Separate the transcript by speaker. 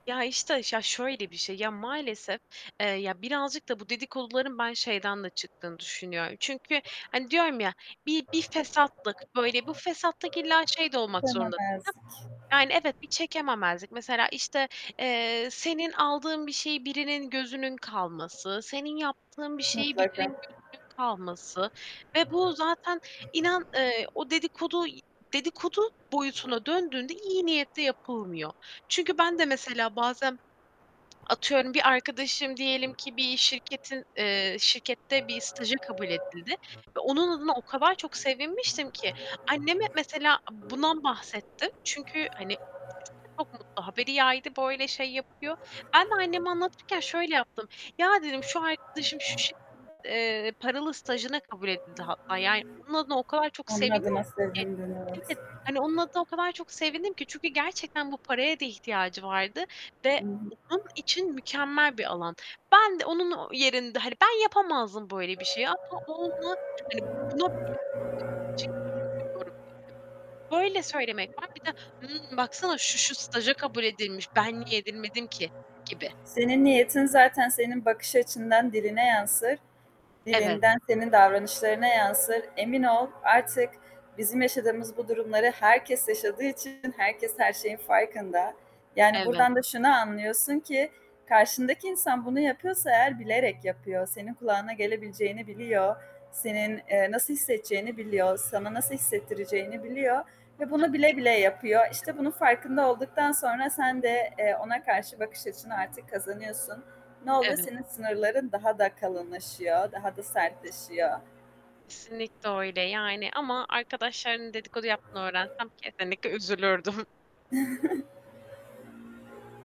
Speaker 1: Ya, işte, ya şöyle bir şey, ya maalesef, eee, ya birazcık da bu dedikoduların ben şeyden de çıktığını düşünüyorum. Çünkü, hani, diyorum ya bir bir fesatlık, böyle bu fesatlık illa şey de olmak zorunda [unintelligible]
Speaker 2: Dememezlik.
Speaker 1: yani evet, bir çekememezlik. Mesela, işte, eee, senin aldığın bir şey birinin gözünün kalması, senin yaptığın bir şeyi
Speaker 2: Mutlaka.
Speaker 1: birinin gözünün kalması ve bu zaten inan, eee, o dedikodu iii, dedikodu boyutuna döndüğünde iyi niyetle yapılmıyor. Çünkü ben de mesela, bazen atıyorum bir arkadaşım diyelim ki bir şirketin eee, şirkette bir staja kabul edildi ve onun adına o kadar çok sevinmiştim ki anneme mesela bundan bahsettim. Çünkü, hani, çocuk da çok mutlu, haberi yaydı, böyle şey yapıyor. Ben de anneme anlatırken şöyle yaptım: "Ya," dedim, "şu arkadaşım şu, [unintelligible] eee, paralı stajına kabul edildi." hatta yani. Onun adına o kadar çok
Speaker 2: Onun adına
Speaker 1: seviniyorum ki
Speaker 2: sevindin,
Speaker 1: Evet,
Speaker 2: evet.
Speaker 1: hani, onun adına o kadar çok sevindim ki çünkü gerçekten bu paraya da ihtiyacı vardı ve
Speaker 2: I hı.
Speaker 1: onun için mükemmel bir alan. Ben de onun o yerinde Hani, ben yapamazdım böyle bir şeyi ama onunla, hani, "Buna [unintelligible] gurur duyuyorum" dedim. Böyle söylemek var. Bir de "Hımm, baksana, şu şu staja kabul edilmiş. Ben niye edilmedim ki?" gibi.
Speaker 2: Senin niyetin zaten senin bakış açından diline yansır,
Speaker 1: Evet.
Speaker 2: dilinden senin davranışlarına yansır. Emin ol, artık bizim yaşadığımız bu durumları herkes yaşadığı için herkes her şeyin farkında. Yani
Speaker 1: Evet.
Speaker 2: buradan da şunu anlıyorsun ki karşındaki insan bunu yapıyorsa eğer bilerek yapıyor. Senin kulağına gelebileceğini biliyor. Senin, eee, nasıl hissedeceğini biliyor. Sana nasıl hissettireceğini biliyor ve bunu bile bile yapıyor.
Speaker 1: [unintelligible]
Speaker 2: İşte, bunun farkında olduktan sonra sen de, eee, ona karşı bakış açını artık kazanıyorsun. Ne oluyor?
Speaker 1: Evet.
Speaker 2: Senin sınırların daha da kalınlaşıyor, daha da
Speaker 1: [unintelligible]
Speaker 2: sertleşiyor.
Speaker 1: Kesinlikle öyle. Yani ama arkadaşlarının dedikodu yaptığını öğrensem kesinlikle üzülürdüm.